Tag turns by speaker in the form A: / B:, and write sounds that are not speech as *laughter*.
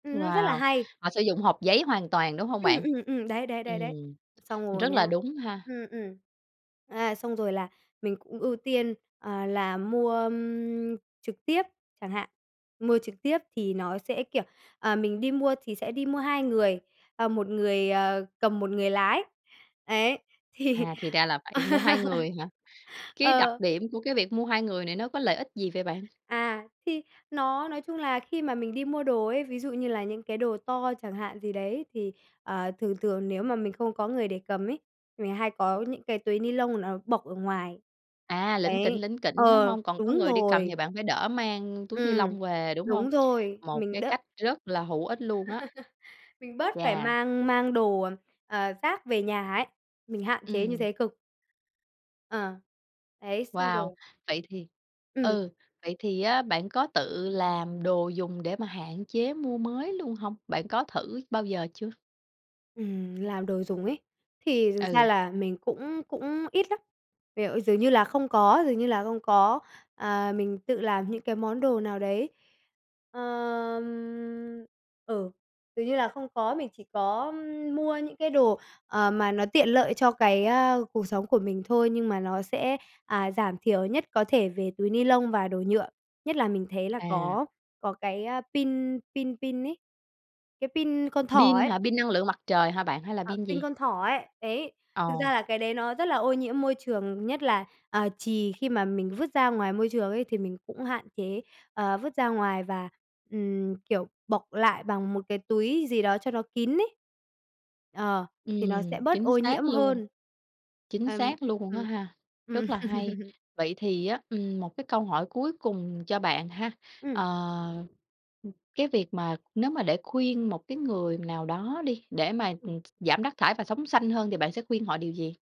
A: Ừm, nó rất là
B: Wow,
A: hay.
B: họ sử dụng hộp giấy hoàn toàn, đúng hông
A: Ừm,
B: bạn?
A: ừm, ừm, đấy, đấy, đấy, đấ,
B: Ừm,
A: xong rồi
B: rất là
A: nhá,
B: đúng ha.
A: ừm, ừm. À, xong rồi là mình cũng ưu tiên, à, là mua, ưm, trực tiếp, chẳng hạn, mua trực tiếp thì nó sẽ, kiểu, ờ, mình đi mua thì sẽ đi mua hai người, ờ, một người, ờ, cầm một người lái, đấy, thì
B: À, thì ra là phải mua 2
A: *laughs*
B: người hả? Cái đặc
A: ờ.
B: điểm của cái việc mua 2 người này nó có lợi ích gì vậy bạn?
A: À, thì nó nói chung là khi mà mình đi mua đồ ấy, ví dụ như là những cái đồ to chẳng hạn gì đấy, thì, ờ, thường thường nếu mà mình không có người để cầm ấy, thì mình hay có những cái túi ni lông nó bọc ở ngoài.
B: À, lỉnh kỉnh,
A: Đấy,
B: lỉnh kỉnh, đúng
A: ờ,
B: hông? Còn có
A: đúng
B: người đi cầm thì
A: rồi.
B: bạn phải đỡ mang túi ni lông
A: Ừm,
B: về, đúng hông?
A: đúng rồi,
B: Một
A: mình
B: cái
A: đỡ
B: cách rất là hữu ích luôn á.
A: *laughs* Mình bớt phải
B: Chà.
A: mang mang đồ, ờ, rác về nhà ấy, mình hạn chế như
B: Ừm.
A: thế cực. À, đấy, xong
B: Wow,
A: rồi.
B: vậy thì
A: Ừm.
B: ừ, vậy thì á bạn có tự làm đồ dùng để mà hạn chế mua mới luôn hông? Bạn có thử bao giờ chưa?
A: Ừm, làm đồ dùng ý, thì thực ra
B: Ừ.
A: là mình cũng cũng ít lắm, kiểu, dường như là không có, dường như là không có, à, mình tự làm những cái món đồ nào đấy. Ờm, ừ, dường như là không có, mình chỉ có mua những cái đồ, ờ, mà nó tiện lợi cho cái, ơ, cuộc sống của mình thôi nhưng mà nó sẽ, à, giảm thiểu nhất có thể về túi ni lông và đồ nhựa. Nhất là mình thấy là
B: À.
A: có có cái, a, pin pin pin ấy, cái pin con thỏ
B: Pin
A: ấy.
B: hả? Pin năng lượng mặt trời hả bạn? Hay là
A: À,
B: pin
A: pin
B: gì?
A: con thỏ ấy, đấy, thực
B: Ồ.
A: ra là cái đấy nó rất là ô nhiễm môi trường, nhất là, à, chì khi mà mình vứt ra ngoài môi trường ấy, thì mình cũng hạn chế, ờ, vứt ra ngoài và, ừm, kiểu, bọc lại bằng một cái túi gì đó cho nó kín ấy, ờ, thì nó
B: Ừm,
A: sẽ bớt
B: chính
A: ô
B: xác
A: nhiễm
B: luôn.
A: hơn.
B: Chính
A: Ừm,
B: xác luôn á
A: ừm,
B: ha,
A: ừm.
B: rất là hay.
A: *laughs*
B: Vậy thì á, ừm, một cái câu hỏi cuối cùng cho bạn ha,
A: Ừm.
B: ờ, cái việc mà nếu mà để khuyên một cái người nào đó đi, để mà
A: Ừm.
B: giảm rác thải và sống xanh hơn thì bạn sẽ khuyên họ điều gì?